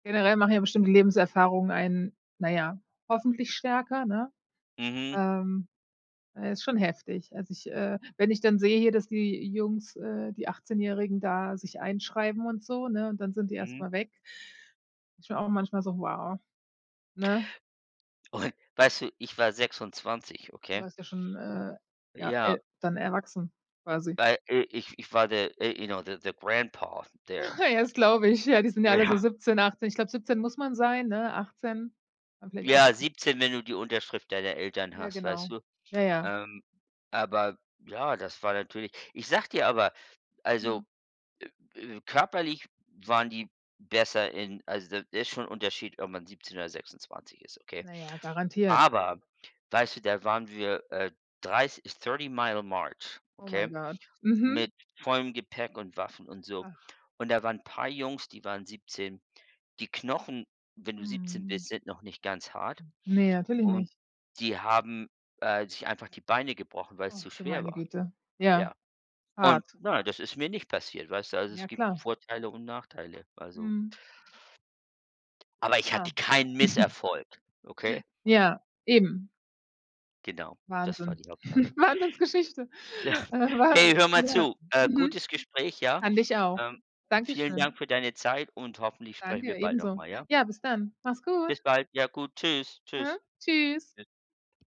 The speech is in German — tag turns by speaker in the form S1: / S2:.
S1: Generell machen ja bestimmt die Lebenserfahrungen einen, naja, hoffentlich stärker, ne?
S2: Mhm.
S1: Ähm, ja ist schon heftig. Als ich, äh wenn ich dann sehe hier, dass die Jungs äh, die Achtzehnjährigen, da sich einschreiben und so, ne, und dann sind die erst
S2: Mhm.
S1: mal weg, ist schon auch manchmal so: „Wow", ne?
S2: Und, weißt du, ich war 26,
S1: Du
S2: okay?
S1: warst ja schon, äh, ja, e
S2: Ja
S1: dann erwachsen, quasi.
S2: weil i ich ich war der äh, you know, the the Grandpa, there.
S1: Das glaube ich, ja, die sind ja alle so
S2: Ja.
S1: 17, 18 ich glaube, 17 muss man sein, ne, 18 dann vielleicht
S2: Ja,
S1: 18.
S2: 17, wenn du die Unterschrift deiner Eltern
S1: Ja,
S2: hast, weißt
S1: genau.
S2: du?
S1: Ja, ja.
S2: Ähm, aber ja, das war natürlich ich sage dir aber also,
S1: Mhm.
S2: äh, äh, körperlich waren die besser in also da ist schon 'n Unterschied, ob man 17 oder 26 ist, okay?
S1: Na ja, garantiert.
S2: Aber weißt du, da waren wir, äh, 30 30 mile march,
S1: Oh my
S2: okay?
S1: god. Mhm.
S2: Mit vollem Gepäck und Waffen und so
S1: Ach.
S2: und da waren 'n paar Jungs, die waren 17. Die Knochen, wenn du 17
S1: Mhm.
S2: bist, sind noch nicht ganz hart
S1: N ne, natürlich
S2: und
S1: nicht.
S2: die haben, äh, sich einfach die Beine gebrochen, weil's zu
S1: Ach, du
S2: schwer
S1: meine
S2: war.
S1: Güte. Ja,
S2: Ja, und
S1: hart.
S2: na ja, das ist mir nicht passiert, weißt du? Also, es
S1: Ja,
S2: gibt
S1: klar.
S2: Vorteile und Nachteile, also
S1: Mhm.
S2: Aber
S1: Ah.
S2: ich hatte keinen Misserfolg, okay?
S1: Ja. Eben.
S2: Genau, das war
S1: Wahnsinn.
S2: die Hauptsache.
S1: Wahnsinnsgeschichte.
S2: Hey, hör mal
S1: [unintelligible]
S2: zu, äh,
S1: Mhm.
S2: gutes Gespräch, ja.
S1: Fand ich auch.
S2: Ähm, vielen
S1: Dankeschön.
S2: Dank für deine Zeit und hoffentlich sprechen
S1: Danke,
S2: wir bald noch
S1: ebenso.
S2: mal, ja?
S1: Ja, bis dann. Mach's gut.
S2: Bis bald, ja gut, tschüss,
S1: Mhm.
S2: tschüss.
S1: Tschüss.